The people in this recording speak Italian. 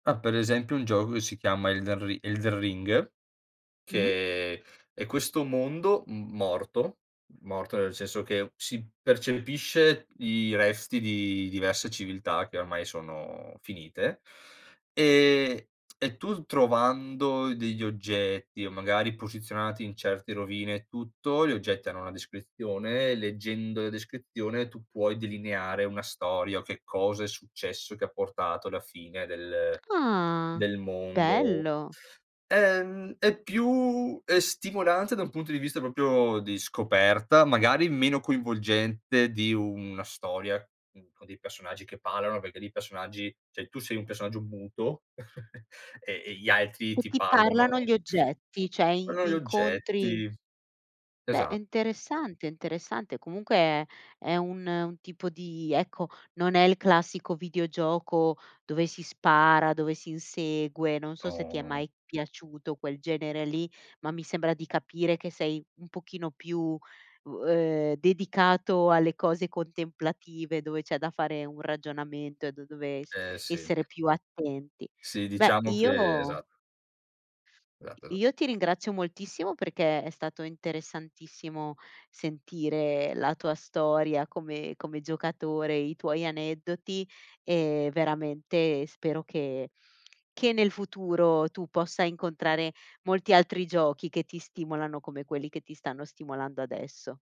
Ah, per esempio un gioco che si chiama Elden Ri Elden Ring, Mh. che è questo mondo m morto, morto nel senso che si percepisce i resti di diverse civiltà, che ormai sono finite ehm, e tu trovando degli oggetti o magari posizionati in certe rovine e tutto, gli oggetti hanno una descrizione, leggendo la descrizione tu puoi delineare una storia o che cosa è successo che ha portato alla fine del Ah, del mondo. bello. Ehm, è più ehm stimolante da un punto di vista proprio di scoperta, magari meno coinvolgente di una storia, uhm, con dei personaggi che parlano, perché lì i personaggi cioè tu sei un personaggio muto e e gli altri E ti ti parlano parlano gli oggetti, cioè in [unintelligible] gli incontri oggetti Beh, è esatto. interessante, è interessante comunque è è un un tipo di ecco, non è il classico videogioco dove si spara, dove si insegue non so se ti No, è no. mai piaciuto quel genere lì, ma mi sembra di capire che sei un pochino più, uhm ehm, dedicato alle cose contemplative, dove c'è da fare un ragionamento e da dove Eh, sì. essere più attenti. Sì, Beh, diciamo che io esat Esatt esatt io ti ringrazio moltissimo, perché è stato interessantissimo sentire la tua storia come come giocatore, i tuoi aneddoti e veramente spero che che nel futuro tu possa incontrare molti altri giochi che ti stimolano, come quelli che ti stanno stimolando adesso.